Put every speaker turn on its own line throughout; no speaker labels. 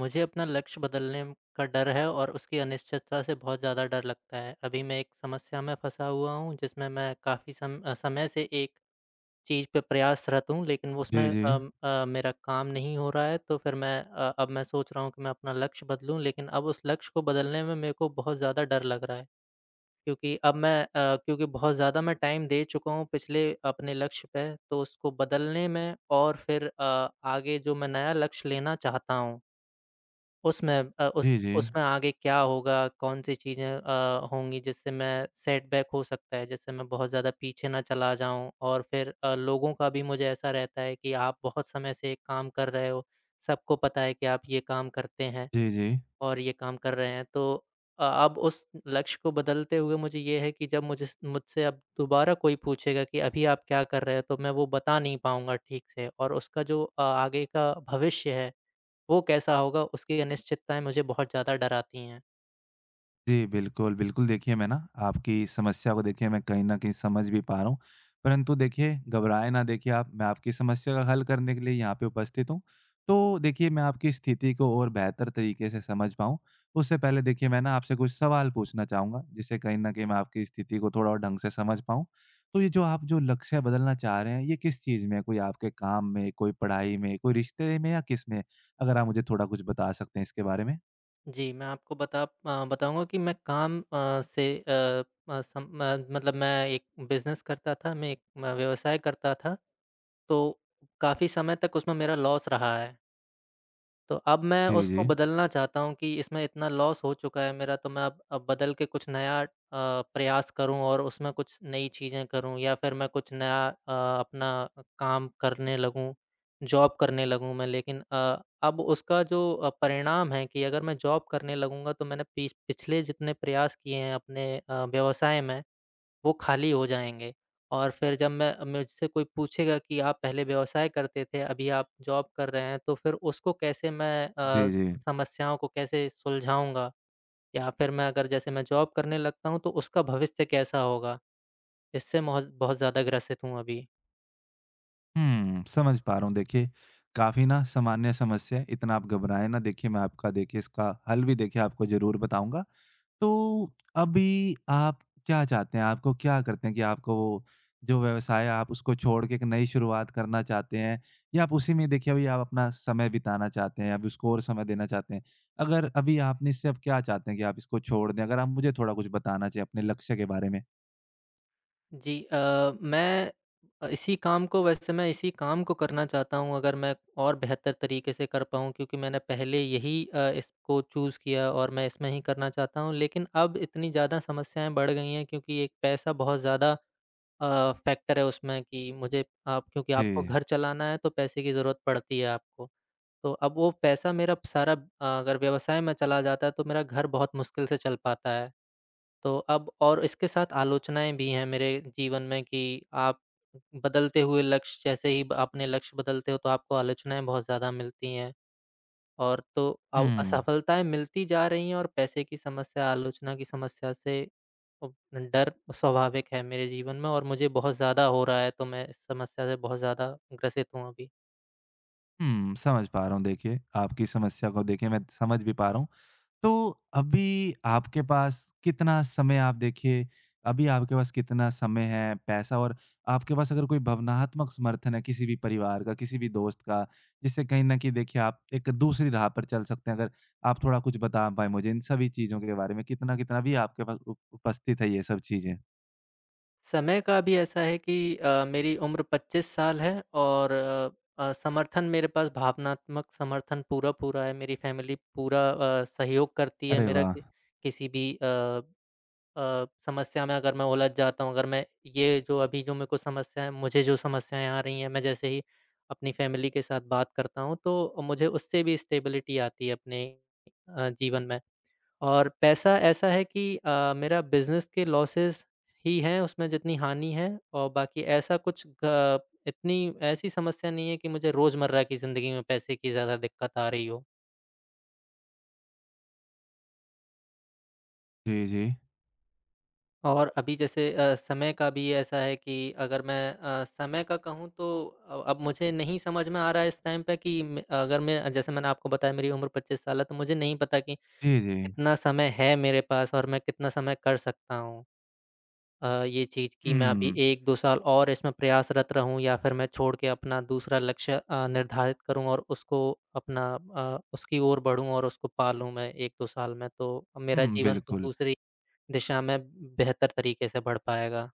मुझे अपना लक्ष्य बदलने का डर है और उसकी अनिश्चितता से बहुत ज़्यादा डर लगता है। अभी मैं एक समस्या में फँसा हुआ हूँ जिसमें मैं काफ़ी सम अ, समय से एक चीज़ पे प्रयासरत हूँ लेक़िन उसमें
जी, जी।
अम अ, मेरा काम नहीं हो रहा है तो फ़िर मैं अ, अब मैं सोच रहा हूँ कि मैं अपना लक्ष्य बदलूँ लेक़िन अब उस लक्ष्य को बदलने में मेरे को बहुत ज़्यादा डर लग रहा है। क्योंकि अब मैं अ, क्योंकि बहुत ज़्यादा मैं टाइम दे चुका हूँ पिछले अपने लक्ष्य पे तो उसको बदलने में और फ़िर अ, आगे जो मैं नया लक्ष्य लेना चाहता हूँ उसमें अ, उस
जी, जी।
उसमें आगे क्या होगा? कौन-सी चीज़ें अ, होंगी जिससे मैं सेट बैक हो सकता है, जिससे मैं बहुत ज़्यादा पीछे ना चला जाऊँ और फ़िर अ, लोगों का भी मुझे ऐसा रहता है कि आप बहुत समय से एक काम कर रहे हो। सबको पता है कि आप ये काम करते हैं
जी, जी।
और ये काम कर रहे हैं तो अ अब उस लक्ष्य को बदलते हुए मुझे ये है कि जब मुझे स मुझसे अब दोबारा कोई पूछेगा कि अभी आप क्या कर रहे हो तो मैं वो बता नहीं पाऊँगा ठीक से और उसका जो अ आगे का भविष्य है वो कैसा होगा उसकी अनिश्चितताएँ मुझे बहुत ज़्यादा डराती हैं।
जी, बिल्कुल, बिल्कुल, देखिए मैं ना आपकी समस्या को देखिए मैं कहीं न कहीं समझ भी पा रहा हूँ, परंतु देखिए घबराएँ ना देखिए आप, मैं आपकी समस्या का हल करने के लिए यहाँ पे उपस्थित हूँ। तो देखिए मैं आपकी स्थिति को और बेहतर तरीके से समझ पाऊँ, उससे पहले देखिए मैं न आपसे कुछ सवाल पूछना चाहूँगा, जिससे कहीं न कहीं मैं आपकी स्थिति को थोड़ा और ढंग से समझ पाऊँ, तो ये जो आप जो लक्ष्य बदलना चाह रहे हैं, ये किस चीज़ में है? कोई आपके काम में, कोई पढ़ाई में, कोई रिश्ते में या किसमें? अगर आप मुझे थोड़ा कुछ बता सकते हैं इसके बारे में।
जी, मैं आपको बता अ, बताऊँगा कि मैं काम अ, से अ अ, सम म मतलब मैं एक बिज़नेस करता था, मैं एक म व्यवसाय करता था तो काफ़ी समय तक उसमें मेरा लॉस रहा है। तो अब मैं
जी,
उसको
जी।
बदलना चाहता हूँ कि इसमें इतना लॉस हो चुका है मेरा तो मैं अब अब बदलकर कुछ नया अ, प्रयास करूँ और उसमें कुछ नई चीज़ें करूँ या फिर मैं कुछ नया अ, अपना काम करने लगूँ, जॉब करने लगूँ मैं। लेकिन अ, अब उसका जो परिणाम है कि अगर मैं जॉब करने लगूँगा तो मैंने पिछ पिछले जितने प्रयास किए हैं अपने अ, व्यवसाय में, वो खाली हो जाएँगे। और फिर जब मैं मुझसे कोई पूछेगा कि आप पहले व्यवसाय करते थे, अभी आप जॉब कर रहे हैं, तो फिर उसको कैसे मैं अ,
जी, जी।
समस्याओं को कैसे सुलझाऊँगा? या फिर मैं अगर जैसे मैं जॉब करने लगता हूँ तो उसका भविष्य कैसा होगा? इससे महौज़ बहुत ज़्यादा ग्रसित हूँ अभी।
हुँ, समझ पा रहा हूँ देखिए, काफ़ी ना सामान्य समस्या है, इतना आप घबराएँ ना देखिए मैं आपका देखिए इसका हल भी देखिए आपको ज़रूर बताऊँगा। तो अभी आप क्या चाहते हैं? आपको क्या करते है कि आपको जो व्यवसाय है आप उसको छोड़कर एक नई शुरुआत करना चाहते हैं? या आप उसी में अभी अपना समय बिताना चाहते हैं, आप उसको और समय देना चाहते हैं? अगर अभी आपने इससे अब क्या चाहते हैं कि आप इसको छोड़ दें? अगर आप मुझे थोड़ा कुछ बताना चाहें अपने लक्ष्य के बारे में।
जी अ, मैं अ, इसी काम को वैसे मैं इसी काम को करना चाहता हूँ अगर मैं और बेहतर तरीके से कर पाऊँ क्योंकि मैंने पहले यही अ, इसको चूज़ किया और मैं इसमें ही करना चाहता हूँ, लेकिन अब इतनी ज़्यादा समस्याएँ बढ़ गई हैं क्योंकि एक पैसा बहुत ज़्यादा अ, फैक्टर है उसमें कि मुझे आप क्योंकि आपको
जी।
घर चलाना है तो पैसे की ज़रूरत पड़ती है आपको। तो अब वो पैसा मेरा सारा अ, अगर व्यवसाय में चला जाता है तो मेरा घर बहुत मुश्किल से चल पाता है, तो अब और इसके साथ आलोचनाएँ भी हैं मेरे जीवन में कि आप बदलते हुए लक्ष्य जैसे ही ब अपने लक्ष्य बदलते हो, तो आपको आलोचनाएँ बहुत ज़्यादा मिलती हैं। और तो अव
हुँ।
असफलताएँ मिलती जा रही हैं और पैसे की समस्या, आलोचना की समस्या से अव नडर स्वाभाविक है मेरे जीवन में और मुझे बहुत ज़्यादा हो रहा है तो मैं इस समस्या से बहुत ज़्यादा ग्रसित हूँ अभी।
हुँ, समझ पा रहा हूँ देखिए, आपकी समस्या को देखिए मैं समझ भी पा रहा हूँ। तो अभी आपके पास कितना समय आप देखिए अभी आपके पास कितना समय है, पैसा और आपके पास अगर कोई भावनात्मक समर्थन है किसी भी परिवार का, किसी भी दोस्त का, जिससे कहीं न कहीं देखिए आप एक दूसरी राह पर चल सकते हैं। अगर आप थोड़ा कुछ बता पाए मुझे इन सभी चीज़ों के बारे में, कितना-कितना भी आपके पास उपस्थित है ये सब चीज़ें।
समय का भी ऐसा है कि अ, मेरी उम्र 25 साल है और अ, समर्थन मेरे पास भावनात्मक समर्थन पूरा-पूरा है। मेरी फ़ैमिली पूरा अ, सहयोग करती है
अरे
मेरा
वाह!
कि किसी भी अ अ, समस्या में अगर मैं उलझ जाता हूँ, अगर मैं ये जो अभी जो मेरे को समस्या है मुझे जो समस्याएँ आ रही हैं, मैं जैसे ही अपनी फ़ैमिली के साथ बात करता हूँ तो मुझे उससे भी स्टेबिलिटी आती है अपने अ, जीवन में। और पैसा ऐसा है कि अ, मेरा बिज़नेस के लॉसेस ही हैं उसमें जितनी हानि है और बाकी ऐसा कुछ ग इतनी ऐसी समस्या नहीं है कि मुझे रोज़मर्रा की ज़िंदगी में पैसे की ज़्यादा दिक़्क़त आ रही हो।
जी, जी।
और अभी जैसे अ, समय का भी ऐसा है कि अगर मैं अ, समय का कहूँ तो अ अब मुझे नहीं समझ में आ रहा है इस टाइम पे कि म अगर मैं अ, जैसे मैंने आपको बताया, मेरी उम्र 25 साल है, तो मुझे नहीं पता कि
जी, जी।
कितना समय है मेरे पास और मैं कितना समय कर सकता हूँ अ, ये चीज़ कि मैं
हुँ
अभी
हुँ।
1-2 साल और इसमें प्रयासरत रहूँ या फिर मैं छोड़के अपना दूसरा लक्ष्य अ, निर्धारित करूँ और उसको अपना अ, उसकी ओर बढ़ूँ और उसको पा लूँ मैं, 1-2 साल में? तो अ,
हुँ,
मेरा
हुँ,
जीवन तो
बिल्कुल।
दूसरी दिशा में बेहतर तरीके से बढ़ पाएगा।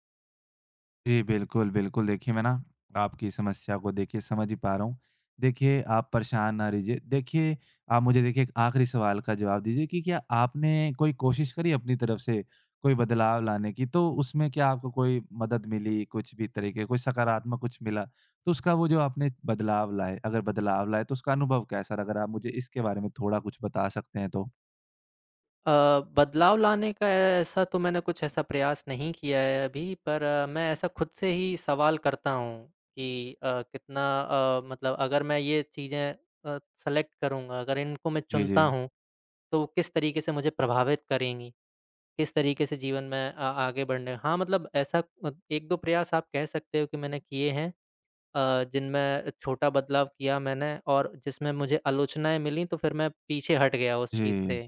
जी, बिल्कुल, बिल्कुल। देखिए, मैं ना, आपकी समस्या को देखिए, समझ ही पा रहा हूँ। देखिए, आप परेशान ना रही जिए। देखिए, आप मुझे देखिए, एक आखिरी सवाल का जवाब दीजिए कि क्या आपने कोई कोशिश करी अपनी तरफ से, कोई बदलाव लाने की? तो उसमें क्या आपको कोई मदद मिली, कुछ भी तरीके, कोई सकारात्मक कुछ मिला? तो उसका वो जो आपने बदलाव लाए, अगर बदलाव लाए, तो उसका अनुभव कैसा रहा, अगर आप मुझे इसके बारे में थोड़ा कुछ बता सकते हैं, तो?
अ, बदलाव लाने का ऐसा तो मैंने कुछ ऐसा प्रयास नहीं किया है अभी। पर मैं ऐसा खुद से ही सवाल करता हूँ कि अ, कितना अ, मतलब अगर मैं ये चीज़ें अ, सेलेक्ट करूँगा, अगर इनको मैं
जी,
चुनता
जी।
हूँ, तो वो किस तरीके से मुझे प्रभावित करेंगी? किस तरीके से जीवन में आ आगे बढ़ने हाँ, मतलब ऐसा अ, 1-2 प्रयास आप कह सकते हो कि मैंने किए हैं। अ, जिनमें छोटा बदलाव किया मैंने और जिसमें मुझे आलोचनाएँ मिली। तो फ़िर मैं पीछे हट गया उस चीज़
जी।
से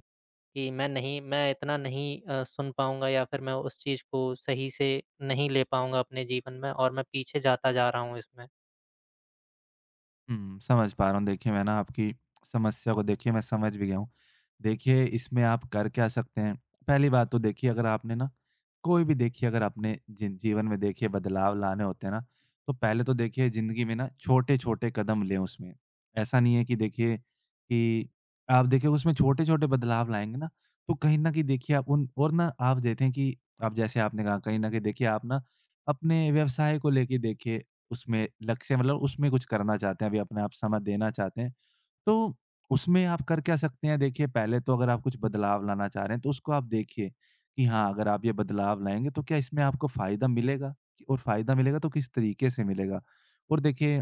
कि मैं नहीं मैं इतना नहीं अ, सुन पाऊँगा या फ़िर मैं उस चीज़ को सही से नहीं ले पाऊँगा अपने जीवन में और मैं पीछे जाता जा रहा हूँ इसमें।
हुँ, समझ पा रहा हूँ देखिए मैं ना आपकी समस्या को देखिए मैं समझ भी गया हूँ। देखिए इसमें आप कर क्या सकते हैं पहली बात तो देखिए अगर आपने ना कोई भी देखिए अगर आपने जी जीवन में देखिए बदलाव लाने होते हैं ना। तो पहले तो देखिए ज़िंदगी में ना छोटे-छोटे कदम लें उसमें। ऐसा नहीं है कि देखिए कि आप देखिए उसमें छोटे-छोटे बदलाव लाएँगे ना, तो कहीं न कहीं देखिए आप उन और ना आप देखें कि अब जैसे आपने कहा कहीं न कहीं आप ना अपने व्यवसाय को लेके देखिए उसमे लक्ष्य मतलब उसमें कुछ करना चाहते हैं। अभी अपने आप समय देना चाहते हैं तो उसमें आप कर क्या सकते हैं? देखिए पहले तो अगर आप कुछ बदलाव लाना चाह रहे हैं तो उसको आप देखिए कि हाँ, अगर आप ये बदलाव लाएँगे। तो क्या इसमें आपको फ़ायदा मिलेगा? और फ़ायदा मिलेगा तो किस तरीके से मिलेगा? और देखिए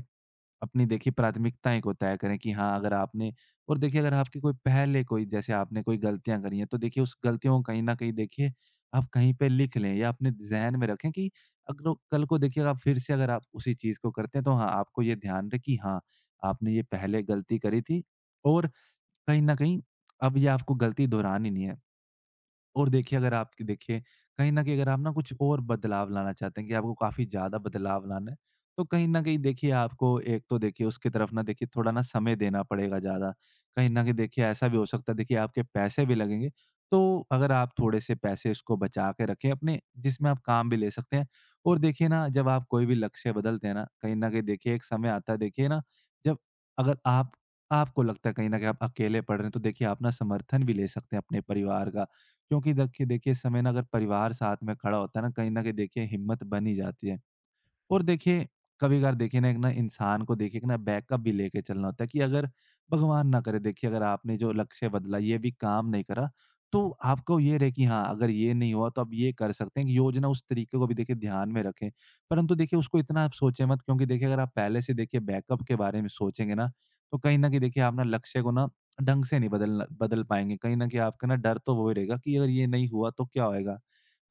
अपनी देखिए प्राथमिकताएँ को तय करें कि हाँ अगर आपने और देखिए अगर आपकी कोई पहले कोई जैसे आपने कोई गलतियाँ करी हैं। तो देखिए उस गलतियों को कहीं न कहीं देखिए आप कहीं पे लिख लें या अपने ज़हन में रखें कि अग लो कल को देखिए जब आप फ़िर से अगर आप उसी चीज़ को करते हैं। तो हाँ, आपको ये ध्यान रहे कि हाँ, आपने ये पहले गलती करी थी और कहीं न कहीं अब ये आपको गलती दोहरानी नहीं है। और देखिए अगर आपकी देखिए कहीं न कहीं अगर आप ना कुछ और बदलाव लाना चाहते हैं कि आपको काफ़ी ज़्यादा बदलाव लाना है। तो कहीं न कहीं देखिए आपको एक तो देखिए उसके तरफ ना देखिए थोड़ा ना समय देना पड़ेगा ज़्यादा। कहीं न कहीं देखिए ऐसा भी हो सकता है देखिए आपके पैसे भी लगेंगे। तो अगर आप थोड़े-से पैसे इसको बचा के रखें अपने जिसमें आप काम भी ले सकते हैं। और देखिए ना जब आप कोई भी लक्ष्य बदलते हैं ना कहीं न कहीं देखिए एक समय आता है देखिए ना जब अगर आप आपको लगता है कहीं न कहीं आप अकेले पड़ रहे हैं। तो देखिए आप ना समर्थन भी ले सकते हैं अपने परिवार का। क्योंकि दखिए देखिए इस समय ना अगर परिवार साथ में खड़ा होता है ना कहीं न कहीं हिम्मत बन ही जाती है। और देखिए कभी-कभार देखिए ना एक इंसान को देखिए एक ना बैकअप भी लेके चलना होता है कि अगर भगवान ना करे देखिए अगर आपने जो लक्ष्य बदला, ये भी काम नहीं करा। तो आपको ये रहे कि हाँ, अगर ये नहीं हुआ तो आप ये कर सकते हैं कि योजना उस तरीके को भी ध्यान में रखें। परंतु देखिए उसको इतना आप सोचें मत क्योंकि देखिए अगर आप पहले से देखिए बैकअप के बारे में सोचेंगे ना तो कहीं न कहीं देखिए आप ना लक्ष्य को ना ढंग से नहीं बदलना बदल पाएँगे। कहीं न कहीं आपका ना डर तो वो ही रहेगा कि अगर ये नहीं हुआ तो क्या होएगा?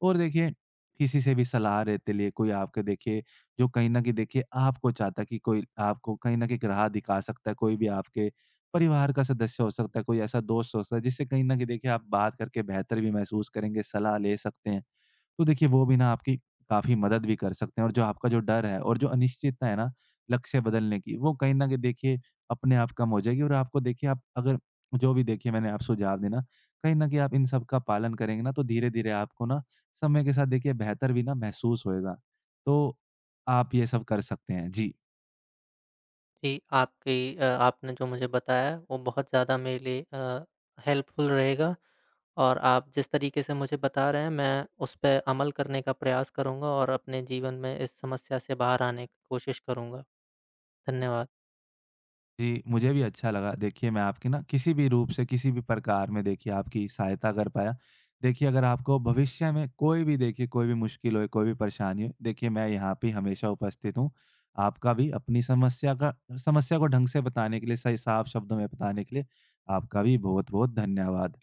और देखिए किसी से भी सलाह लेते लिए कोई आपके देखिए जो कहीं न कहीं देखिए आपको चाहता कि कोई आपको कहीं न कहीं एक राह दिखा सकता है। कोई भी आपके परिवार का सदस्य हो सकता है, कोई ऐसा दोस्त हो सकता है जिससे कहीं न कहीं देखिए आप बात करके बेहतर भी महसूस करेंगे, सलाह ले सकते हैं। तो देखिए वो भी ना आपकी काफ़ी मदद भी कर सकते हैं और जो आपका जो डर है और जो अनिश्चितता है ना लक्ष्य बदलने की वो कहीं न कहीं देखिए अपने आप कम हो जाएगी और आपको देखिए आप अगर जो भी देखिए मैंने आप सुझाव दिए ना, कहीं न कहीं आप इन सबका पालन करेंगे ना तो धीरे-धीरे आपको ना समय के साथ देखिए बेहतर भी ना महसूस होगा। तो आप ये सब कर सकते हैं, जी।
जी, आपकी अ, आपने जो मुझे बताया वो बहुत ज़्यादा मेरे लिए अ, हेल्पफुल रहेगा। और आप जिस तरीके से मुझे बता रहे हैं, मैं उस पे अमल करने का प्रयास करूँगा। और अपने जीवन में इस समस्या से बाहर आने की कोशिश करूँगा। धन्यवाद।
जी, मुझे भी अच्छा लगा। देखिए मैं आपकी ना किसी भी रूप से, किसी भी प्रकार में देखिए आपकी सहायता कर पाया। देखिए अगर आपको भविष्य में कोई भी देखिए कोई भी मुश्किल होए, कोई भी परेशानी हो, देखिए मैं यहाँ पे हमेशा उपस्थित हूँ। आपका भी अपनी समस्या का समस्या को ढंग से बताने के लिए, सही साफ शब्दों में बताने के लिए आपका भी बहुत-बहुत धन्यवाद।